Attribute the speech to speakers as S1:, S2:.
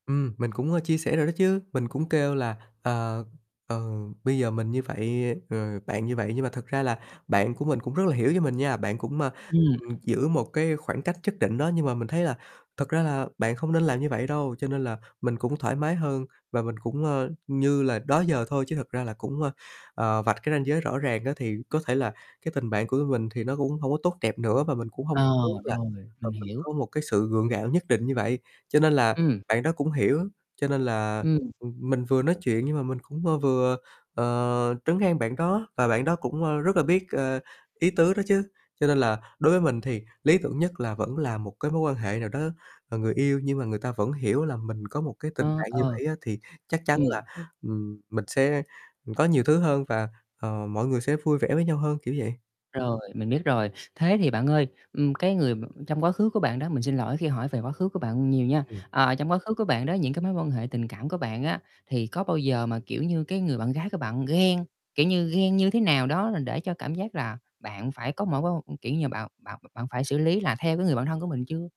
S1: Ừm, mình cũng, ơ, chia sẻ rồi đó chứ. Mình cũng kêulà, ờ, ờ, bây giờ mình như vậy, rồi, bạn như vậy nhưng mà thật ra là bạn của mình cũng rất là hiểu cho mình nha. Bạn cũng, a,
S2: Ừm.
S1: ưm, giữ một cái khoảng cách nhất định đó, nhưng mà mình thấy là thật ra là bạn không nên làm như vậy đâu. Cho nên là mình cũng thoải mái hơn và mình cũng, ơ, như là đó giờ thôi chứ. Thật ra là cũng, ơ, ờ, vạch cái ranh giới rõ ràng á thì có thể là cái tình bạn của mình thì nó cũng hông có tốt đẹp nữa và mình cũng hông
S2: À,
S1: muốn là,
S2: rồi,
S1: ờ,
S2: mình
S1: mình
S2: hiểu.
S1: có một cái sự gượng gạo nhất định như vậy. Cho nên là
S2: Ừm.
S1: bạn đó cũng hiểu. Cho nên là,
S2: Ừm.
S1: ưm, mình vừa nói chuyện nhưng mà mình cũng, ơ, vừa, ờ, trấn an bạn đó và bạn đó cũng, ơ, rất là biết, ờ, ý tứ đó chứ. Cho nên là đối với mình thì lý tưởng nhất là vẫn là một cái mối quan hệ nào đó, ờ, người yêu nhưng mà người ta vẫn hiểu là mình có một cái tình
S2: Ơ,
S1: bạn như
S2: ờ.
S1: vậy á thì chắc chắn
S2: Ừm.
S1: là, ừm, mình sẽ có nhiều thứ hơn và, ờ, mọi người sẽ vui vẻ với nhau hơn, kiểu vậy.
S2: Rồi, mình biết rồi. Thế thì bạn ơi, ừm, cái người m trong quá khứ của bạn đó, mình xin lỗi khi hỏi về quá khứ của bạn nhiều nha.
S1: Ừm.
S2: À, trong quá khứ của bạn đó, những cái mối quan hệ tình cảm của bạn á thì có bao giờ mà, kiểu như, cái người bạn gái của bạn ghen, kiểu như, ghen như thế nào đó để cho cảm giác là bạn phải có mỗi kiểu như, bạn bạn bạn phải xử lý là theo cái người bạn thân của mình chưa?